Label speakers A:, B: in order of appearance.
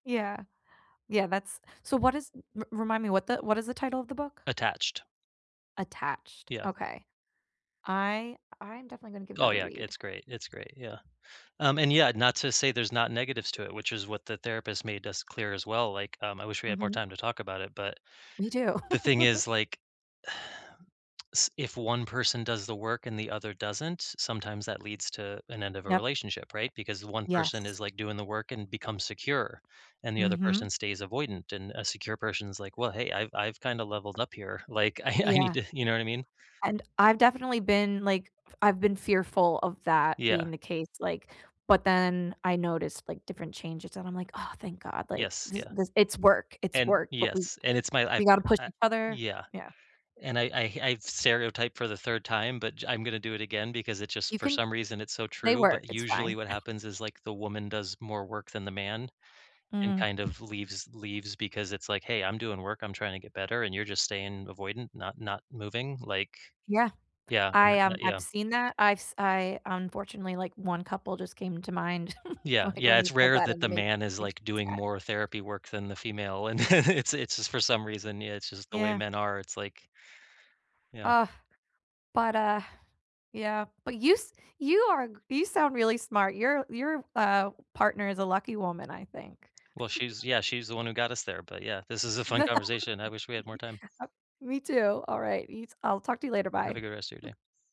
A: Yeah. Yeah, that's so, what is r remind me what the what is the title of the book?
B: Attached.
A: Attached,
B: Yeah.
A: okay. I I'm definitely gonna give
B: Oh,
A: that a
B: yeah,
A: read.
B: it's great, it's great, yeah. Um, and, yeah, not to say there's not negatives to it, which is what the therapist made us clear, as well, like, um, I wish we had more
A: Mhm.
B: time to talk about it, but,
A: We do.
B: the thing is, like s if one person does the work and the other doesn't, sometimes that leads to an end of a
A: Yep.
B: relationship, right? Because one person
A: Yes.
B: is, like, doing the work and becomes secure, and, the other
A: Mhm.
B: person stays avoidant, and a secure person is like, "Well, hey, I've I've kinda leveled up here. Like, I I need
A: Yeah.
B: to" you know what I mean?
A: And, I've definitely been f like, I've been fearful of that
B: Yeah.
A: being the case, like but then I noticed, like, different changes, and I'm like, "Ah, thank God," like,
B: Yes,
A: this
B: yeah.
A: this it's work, it's
B: And
A: work, but we
B: yes, and it's my I've
A: we gotta push
B: I
A: each other,
B: yeah.
A: yeah.
B: And I I I've stereotyped for the 3rd time, but j I'm gonna do it again because it just,
A: You
B: for
A: can
B: some reason, it's so
A: they
B: true,
A: work,
B: but
A: it's
B: usually
A: fine.
B: what happens is, like, the woman does more work than the man, and,
A: Mm.
B: kind of leaves leaves because, it's like, "Hey, I'm doing work, I'm trying to get better, and you're just staying avoidant not not moving, like"
A: Yeah.
B: yeah, and
A: I,
B: that that
A: um,
B: yeah.
A: I've seen that. I've s I unfortunately, like, one couple just came to mind,
B: Yeah.
A: like,
B: Yeah,
A: when you
B: it's
A: said
B: rare
A: that,
B: that
A: and it
B: the
A: ma makes
B: man is,
A: me
B: like, doing
A: sad.
B: more therapy work than the female, and it's it's for some reason yeah, it's just the way
A: Yeah.
B: men are, it's like yeah.
A: Ugh. But, uh yeah. But, you s you are g you sound really smart, your your, uh, partner is a lucky woman, I think.
B: Well, she's yeah, she's the one who got us there, but yeah, this is a fun conversation, I wish we had more time.
A: Me too, alright, you t I'll talk to you later,
B: Have
A: bye.
B: a good rest of your day.